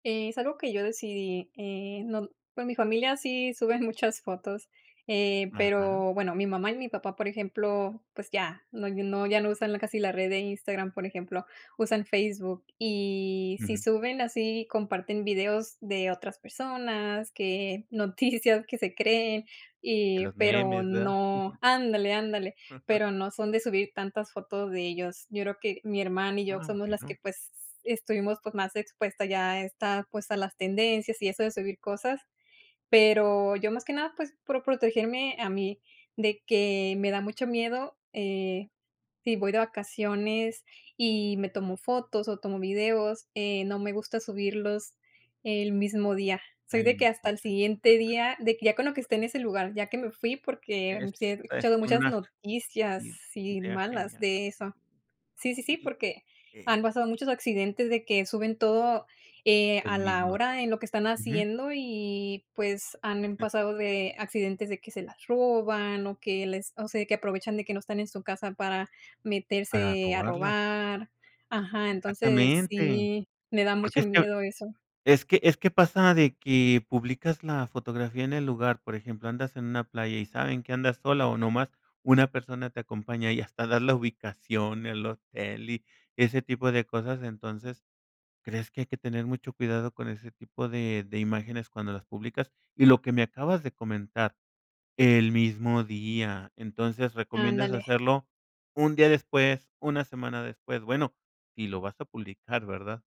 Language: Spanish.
Es algo que yo decidí, eh, no pues, mi familia sí suben muchas fotos, eh, Ajá. pero bueno, mi mamá y mi papá, por ejemplo, pues, ya no no, ya no usan casi la red de Instagram, por ejemplo, usan Facebook, y sí Ujú. suben así, comparten videos de otras personas, que noticias que se creen, De y, los pero, memes, verdad. no ándale, ándale, pero no son de subir tantas fotos de ellos. Yo creo que mi hermana y yo Ah, somos las que, bueno. pues, estuvimos, pues, más expuestas ya a esta, pues, a las tendencias y eso de subir cosas. Pero, yo, más que nada, pues, por protegerme a mí, de que me da mucho miedo, eh, si voy de vacaciones y me tomo fotos o tomo videos, eh, no me gusta subirlos el mismo día. Soy El de que mismo hasta el exac siguiente Ajá. día, de que, ya con lo que esté en ese lugar, ya que me fui, porque, E sí he está, es escuchado muchas una noticias, i sí, idea malas genial. de eso. Sí, sí, sí, Y porque Eh. han pasado muchos accidentes de que suben todo, eh, El a la mismo día. hora, en lo que están Ujú. haciendo y, pues, han pasado de accidentes de que se las roban, o que les o sea, que aprovechan de que no están en su casa para Para meterse a robarla. robar. Ajá, entonces Exactamente. sí, me da Porque mucho es que miedo eso. es que es que pasa de que publicas la fotografía en el lugar, por ejemplo, andas en una playa, y saben que andas sola, o nomás una persona te acompaña, y hasta das la ubicación, el hotel y ese tipo de cosas, entonces, ¿crees que hay que tener mucho cuidado con ese tipo de de imágenes cuando las publicas? Y lo que me acabas de comentar, el mismo día, entonces recomiendas Ándale. hacerlo un día después, una semana después, bueno, si lo vas a publicar, ¿verdad?